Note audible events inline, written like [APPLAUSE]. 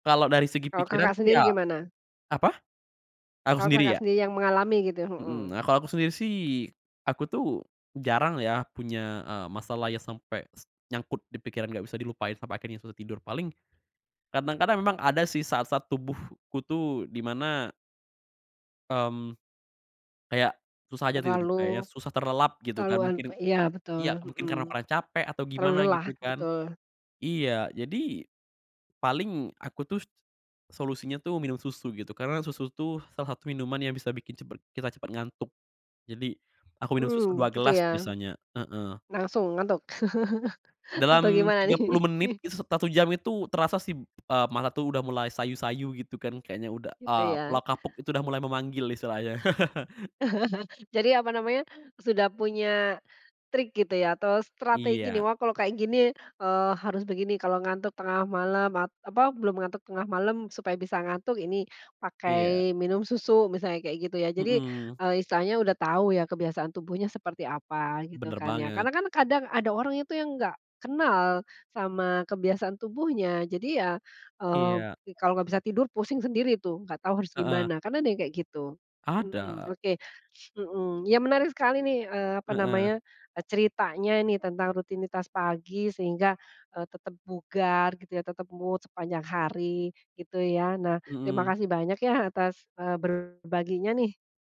Kalau dari segi Kalau pikiran Kakak tuh sendiri ya gimana? apa? Aku Kalau sendiri, Kakak ya? sendiri yang mengalami gitu? Mhm, nah Mhm. kalau aku sendiri sih, aku tuh jarang ya punya, eee, masalah ya sampe s nyangkut di pikiran, gak bisa dilupain sampai akhirnya susah tidur, paling kadang-kadang memang ada sih saat-saat tubuhku tuh di mana mmm, kayak susah aja tidur, Terlalu, kayaknya susah terlelap gitu kan, keterlaluan mungkin iya betul, iya, mungkin mhm, karena kurang capek atau terlalu gimana lelah gitu kan. betul. Iya, jadi, paling aku tuh solusinya tuh minum susu gitu, karena susu tuh salah satu minuman yang bisa bikin cepet kita cepet ngantuk, jadi aku minum susu Mmm, 2 gitu, gelas ya? biasanya, heeh. Langsung ngantuk [LAUGHS] atau Dalam gimana tiga nih? puluh menit, [LAUGHS] is 1 jam itu terasa sih, eee, mata tuh udah mulai sayu-sayu gitu kan, kayaknya udah, Gitu, eee, ya? pulau kapuk itu udah mulai memanggil istilahnya. [CHUCKLES] [CHUCKLES] Jadi, apa namanya sudah punya trik gitu ya atau strategi nih, Iya. wah kalau kayak gini, eee, harus begini, kalau ngantuk tengah malam, apa belum ngantuk tengah malam supaya bisa ngantuk ini Iya. pakai minum susu misalnya kayak gitu ya. Jadi, Mhm. eee, istilahnya udah tahu ya kebiasaan tubuhnya seperti apa gitu Bener, kan ya. banget. Karena kan kadang ada orang itu yang nggak kenal sama kebiasaan tubuhnya, jadi ya, eee, Iya. kalau nggak bisa tidur, pusing sendiri tuh nggak tahu harus Heeh. gimana kan ada yang kayak gitu, mhm. Ada. Oke, mhm, ya menarik sekali nih, eee, apa Heeh. namanya ceritanya ini tentang rutinitas pagi sehingga, eee, tetep bugar gitu ya, tetep mood sepanjang hari gitu, ya. Nah, terima Mhm. kasih banyak ya atas, eee, berbaginya, nih.